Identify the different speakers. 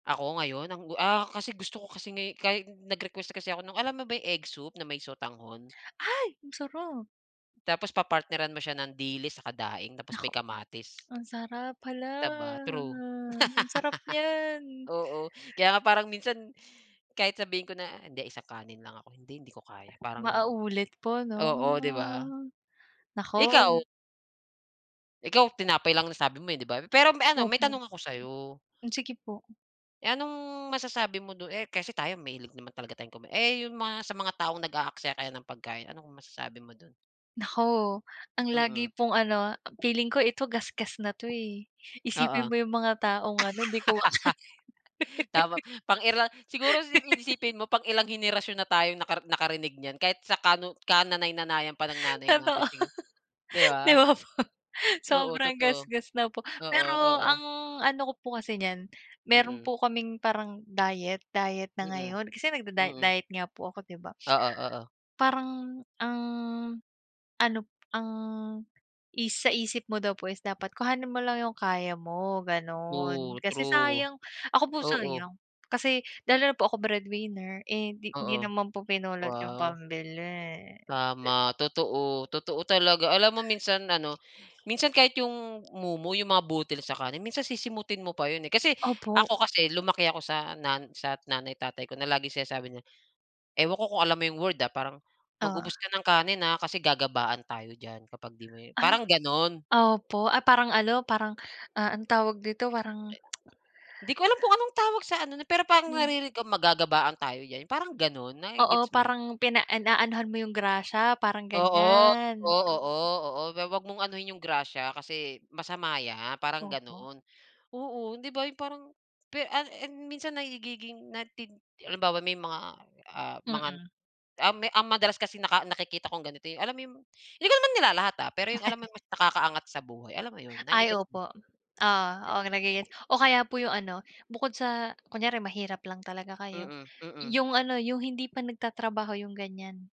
Speaker 1: Ako ngayon ang, ah, kasi gusto ko kasi ngay kahi nag-request kasi ako ng alam mo ba yung egg soup na may sotanghon?
Speaker 2: Ay ang sarap.
Speaker 1: Tapos papartneran mo siya ng dilis tsaka daing tapos
Speaker 2: Naku
Speaker 1: may kamatis.
Speaker 2: ang sarap, hala,
Speaker 1: Di ba? True.
Speaker 2: ang sarap niyan.
Speaker 1: Oo, kaya nga parang minsan kahit sabihin ko na, "hindi isang kanin lang ako," hindi hindi ko kaya parang
Speaker 2: Mauulit po 'no.
Speaker 1: oo, di ba?
Speaker 2: Ah naku.
Speaker 1: Ikaw? Ikaw tinapay lang nasabi mo, eh, di ba? Pero may ano, may
Speaker 2: Opo.
Speaker 1: tanong ako sa'yo.
Speaker 2: Hmm, sige po.
Speaker 1: Eh, anong masasabi mo dun, eh, kasi tayo mahilig naman talaga tayong kuma eh, yung mga sa mga taong nag-aaksaya kaya ng pagkain anong masasabi mo dun?
Speaker 2: Naku ang lagi
Speaker 1: Mm.
Speaker 2: pong ano, feeling ko ito gasgas na 'to eh,
Speaker 1: Oo.
Speaker 2: "isipin mo yung mga taong ano, hindi kumakain."
Speaker 1: Tama pang ira siguro sipin isipin mo pang ilang henerasyon na tayong naka nakarinig niyan kahit sa kanuno kananay nanayan pa ng nanay
Speaker 2: Totoo,
Speaker 1: natin di
Speaker 2: di
Speaker 1: ba?
Speaker 2: ba po
Speaker 1: Oo,
Speaker 2: sobrang
Speaker 1: totoo.
Speaker 2: gasgas na po,
Speaker 1: Oo,
Speaker 2: pero
Speaker 1: oo.
Speaker 2: ang ano ko po kasi niyan, meron
Speaker 1: Mm.
Speaker 2: po kaming parang diet diet na
Speaker 1: Mm,
Speaker 2: ngayon kasi nagda-diet
Speaker 1: mm.
Speaker 2: diet nga po ako 'di ba?
Speaker 1: Oo, oo.
Speaker 2: Parang ang ano p ang is sa isip mo daw po is dapat kuhanin mo lang yung kaya mo ganon.
Speaker 1: True,
Speaker 2: Kasi
Speaker 1: true.
Speaker 2: sayang ako po
Speaker 1: Oo.
Speaker 2: sayang, kasi lalo na po ako breadwinner, eh, hindi hindi
Speaker 1: Oo,
Speaker 2: naman po pinulot yung
Speaker 1: wow.
Speaker 2: pambili di b
Speaker 1: Tama, totoo. Totoo talaga. Alam mo minsan, ano minsan kahit 'yong mumo, 'yong mga butil sa kanin minsan sisimutin mo pa 'yon eh, kasi
Speaker 2: Opo.
Speaker 1: ako kasi lumaki ako sa nan sa nanay tatay ko na laging sinasabi niya, ewan ko kung alam mo 'yong word, ah, parang,
Speaker 2: Oo.
Speaker 1: "mag-ubos ka ng kanin, ha, kasi gagabaan tayo diyan kapag 'di mo"
Speaker 2: Ay,
Speaker 1: parang ganon.
Speaker 2: opo. Ay parang ano, parang, ah, anong tawag dito, parang
Speaker 1: Di ko alam kung anong tawag sa ano, na pero parang
Speaker 2: Hmm.
Speaker 1: naririnig magagabaan tayo diyan, parang ganun, na ge
Speaker 2: Oo,
Speaker 1: gets mo?
Speaker 2: parang pina inaanuhan mo yung grasya parang
Speaker 1: Oo, oo,
Speaker 2: ganiyan.
Speaker 1: oo, oo. Huwag mong anuhin 'yong grasya, kasi masama 'yan parang
Speaker 2: Opo.
Speaker 1: ganon, oo, 'di ba, 'yong parang, pe an en, minsan nagiging na tid halimbawa may mga ah, mga
Speaker 2: Mm.
Speaker 1: an ah, ang madalas kasi naka nakikita kong ganito 'yon, alam mo 'yong hindi ko naman nilalahat, ha, pero 'yong alam mo yung mas nakakaangat sa buhay alam mo 'yon,
Speaker 2: Ay,
Speaker 1: nage-gets mo?
Speaker 2: opo, oo. Oo, nage-gets o kaya po yung ano bukod sa kunyari mahirap lang talaga kayo,
Speaker 1: Mm, mm.
Speaker 2: yung ano, yung hindi pa nagtatrabaho yung ganiyan.